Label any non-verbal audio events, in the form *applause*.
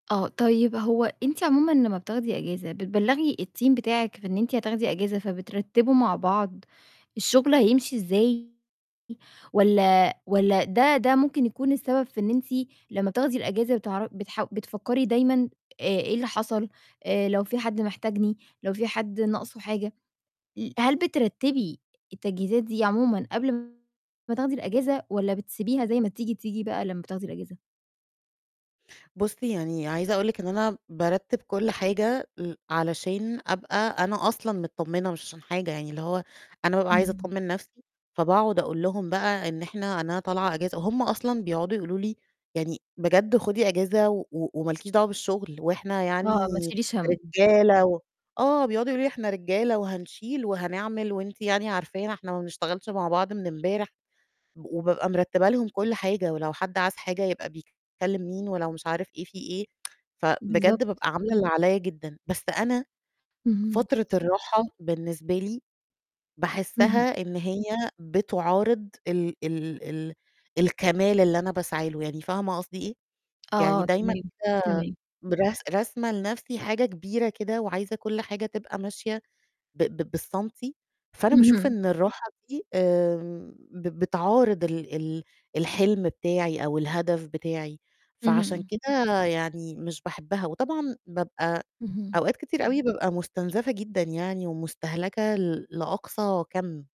آه، طيب هو أنتِ عمومًا لمّا بتاخدي إجازة بتبلغي الteam بتاعك في إن أنتِ هتاخدي إجازة، فبترتّبوا مع بعض الشغل هيمشي إزاي؟ والّا والّا ده ده ممكن يكون السبب في إن أنتِ لمّا بتاخدي الإجازة بتعر بتح بتفكّري دايمًا، آآ، إيه اللي حصل، آآ، لو فيه حد محتاجني، لو فيه حد ناقصه حاجة، ل هل بترتبي التجهيزات دي عمومًا قبل م ما تاخدي الإجازة، والّا بتسيبيها زي ما تيجي تيجي بقى لمّا بتاخدي الإجازة؟ بُصي يعني عايزة أقُول لِك إن أنا بارتّب كل حاجة ل علشان أبقى أنا أصلًا متطمنة مش عشان حاجة، يعني اللي هو أنا بابقى عايزة إمم. أطمن نَفْسي، فباقعد أقُول لهم بقى إن إحنا أنا طالعة إجازة، وهُم أصلًا بيقعدوا يقُولوا لي يعني بجد خُدي إجازة، و وما لكيش دعوة بالشغل، وإحنا آه، ما يعني تشيليش هَم. رجالة و آه، بيقعدوا يقولوا لي إحنا رجالة وهنشيل وهنعمل، وأنتِ يعني عرفانا إحنا ما بنشتغلش مع بعض من امبارح، وبابقى مرتبة لهم كل حاجة، ولو حد عاز حاجة يبقى بيكلّم مين، ولو مش عارف إيه في إيه *tsk* فبجد بالضبط. بابقى عاملة اللي عليّا جدًا، بس أنا اهم. فترة الراحة بالنسبة لي اهم. باحسّها إن هي بتعارض ال ال ال الكمال اللي أنا باسعي له، يعني فاهمة قصدي إيه؟ يعني آه دايمًا تمام، كده تمام. برس راسمة لنَفْسي حاجة كبيرة كده، وعايزة كل حاجة تبقى ماشية ب ب بالسنتي، فأنا باشوف اهم. إن الراحة دي، آمم، ب بتعارض ال ال الحلم بتاعي أو الهدف بتاعي، فعشان اهم. كده يعني مش باحبها، وطبعًا بابقى اهم. أوقات كتير أوي بابقى مستنزَفة جدًا يعني ومستهلكة ل لأقصى كَم.